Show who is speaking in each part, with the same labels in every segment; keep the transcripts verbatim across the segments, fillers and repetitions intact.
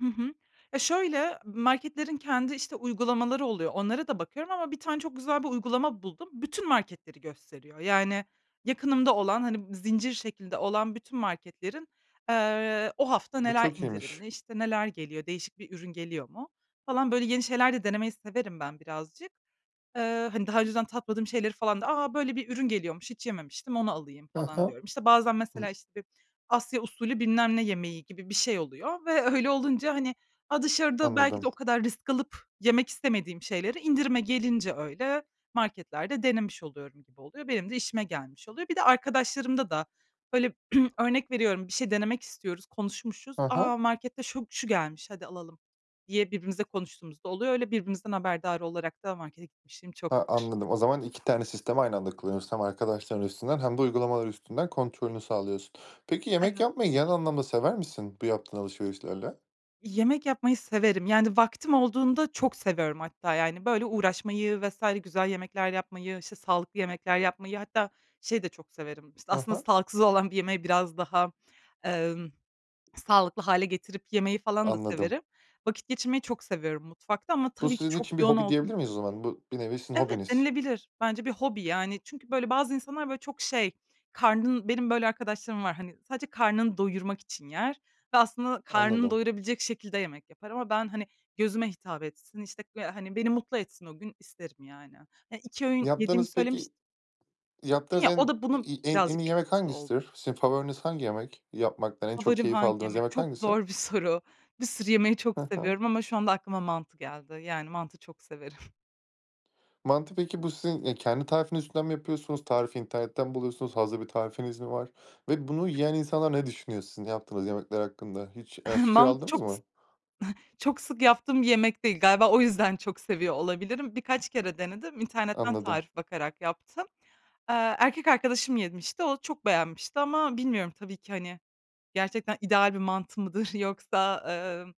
Speaker 1: Hı hı. Ya, şöyle, marketlerin kendi, işte, uygulamaları oluyor, onlara da bakıyorum ama bir tane çok güzel bir uygulama buldum. Bütün marketleri gösteriyor. Yani, yakınımda olan, hani, zincir şeklinde olan bütün marketlerin, eee, o hafta
Speaker 2: Bu
Speaker 1: neler
Speaker 2: çok iyiymiş.
Speaker 1: indirimli, işte, neler geliyor, değişik bir ürün geliyor mu, falan. Böyle yeni şeyler de denemeyi severim ben birazcık. Eee, hani, daha önceden tatmadığım şeyleri falan da, "A, böyle bir ürün geliyormuş, hiç yememiştim, onu alayım."
Speaker 2: He he,
Speaker 1: falan diyorum. İşte, bazen mesela,
Speaker 2: hıh.
Speaker 1: işte, bir Asya usulü, bilmem ne yemeği gibi bir şey oluyor ve öyle olunca, hani, dışarıda belki de
Speaker 2: Anladım.
Speaker 1: o kadar risk alıp yemek istemediğim şeyleri indirime gelince öyle marketlerde denemiş oluyorum gibi oluyor. Benim de işime gelmiş oluyor. Bir de arkadaşlarımda da böyle, örnek veriyorum, bir şey denemek istiyoruz, konuşmuşuz.
Speaker 2: He he.
Speaker 1: "A, markette şu şu gelmiş, hadi alalım." diye birbirimizle konuştuğumuz da oluyor. Öyle birbirimizden haberdar olarak da markete gitmişliğim
Speaker 2: He,
Speaker 1: çoktur.
Speaker 2: anladım, o zaman iki tane sistemi aynı anda kullanıyorsun, hem arkadaşların üstünden hem de uygulamalar üstünden kontrolünü sağlıyorsun. Peki, yemek
Speaker 1: Evet.
Speaker 2: yapmayı genel anlamda sever misin bu yaptığın alışverişlerle?
Speaker 1: Yemek yapmayı severim. Yani, vaktim olduğunda çok seviyorum hatta, yani, böyle, uğraşmayı vs. güzel yemekler yapmayı, işte, sağlıklı yemekler yapmayı, hatta şeyi de çok severim,
Speaker 2: He
Speaker 1: aslında
Speaker 2: he.
Speaker 1: sağlıksız olan bir yemeği biraz daha, emm, sağlıklı hâle getirip yemeyi falan da
Speaker 2: Anladım.
Speaker 1: severim. Vakit geçirmeyi çok seviyorum mutfakta ama
Speaker 2: Bu
Speaker 1: tabii ki
Speaker 2: sizin
Speaker 1: çok
Speaker 2: için bir
Speaker 1: yoğun
Speaker 2: hobi
Speaker 1: olduğum
Speaker 2: diyebilir miyiz o zaman, bu bir nevi sizin
Speaker 1: Evet,
Speaker 2: hobiniz.
Speaker 1: denilebilir. Bence bir hobi. Yani çünkü böyle, bazı insanlar, böyle çok şey, karnın Benim böyle arkadaşlarım var, hani, sadece karnını doyurmak için yer ve aslında karnını
Speaker 2: Anladım.
Speaker 1: doyurabilecek şekilde yemek yapar. Ama ben, hani, gözüme hitap etsin, işte, böyle, hani, beni mutlu etsin o gün isterim, yani. iki öğün yediğimi
Speaker 2: Yaptığınız
Speaker 1: söylemiş
Speaker 2: peki Yaptığınız
Speaker 1: Ya o
Speaker 2: en
Speaker 1: da bunun
Speaker 2: iyi en iyi
Speaker 1: birazcık
Speaker 2: yemek
Speaker 1: etkisi oldu.
Speaker 2: hangisidir? Sizin favoriniz hangi yemek yapmaktan en çok
Speaker 1: Favorim
Speaker 2: keyif
Speaker 1: hangi
Speaker 2: aldığınız
Speaker 1: yemek?
Speaker 2: yemek
Speaker 1: Çok
Speaker 2: hangisi?
Speaker 1: zor bir soru. Bir sürü yemeği çok
Speaker 2: Hı hı.
Speaker 1: seviyorum ama şu anda aklıma mantı geldi. Yani, mantı çok severim.
Speaker 2: Mantı, peki bu sizin, eee, kendi tarifiniz üzerinden mi yapıyorsunuz? Tarifi internetten mi buluyorsunuz? Hazır bir tarifiniz mi var? Ve bunu yiyen insanlar ne düşünüyor sizin yaptığınız yemekler hakkında? Hiç, eee, fikir
Speaker 1: Mantı
Speaker 2: aldınız
Speaker 1: çok
Speaker 2: mı?
Speaker 1: sık çok sık yaptığım bir yemek değil. Galiba o yüzden çok seviyor olabilirim. Birkaç kere denedim, internetten
Speaker 2: Anladım.
Speaker 1: tarif bakarak yaptım. Eee, erkek arkadaşım yemişti, o çok beğenmişti ama bilmiyorum tabii ki, hani, gerçekten ideal bir mantı mıdır yoksa, emm,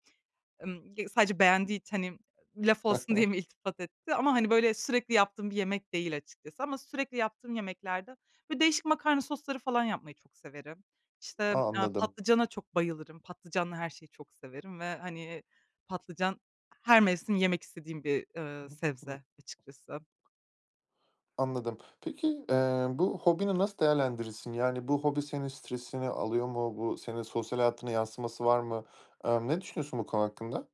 Speaker 1: emm, ya sadece beğendiği için, hani, laf
Speaker 2: He
Speaker 1: olsun
Speaker 2: he.
Speaker 1: diye mi iltifat etti? Ama, hani, böyle sürekli yaptığım bir yemek değil açıkçası. Ama sürekli yaptığım yemeklerde, böyle, değişik makarna sosları falan yapmayı çok severim. İşte,
Speaker 2: A!
Speaker 1: eee,
Speaker 2: Anladım.
Speaker 1: patlıcana çok bayılırım. Patlıcanla her şeyi çok severim ve, hani, patlıcan her mevsim yemek istediğim bir, eee, sebze açıkçası.
Speaker 2: [unintelligible] Anladım. Peki, eee, bu hobini nasıl değerlendirirsin? Yani, bu hobi senin stresini alıyor mu? Bu senin sosyal hayatına yansıması var mı? Emm, ne düşünüyorsun bu konu hakkında?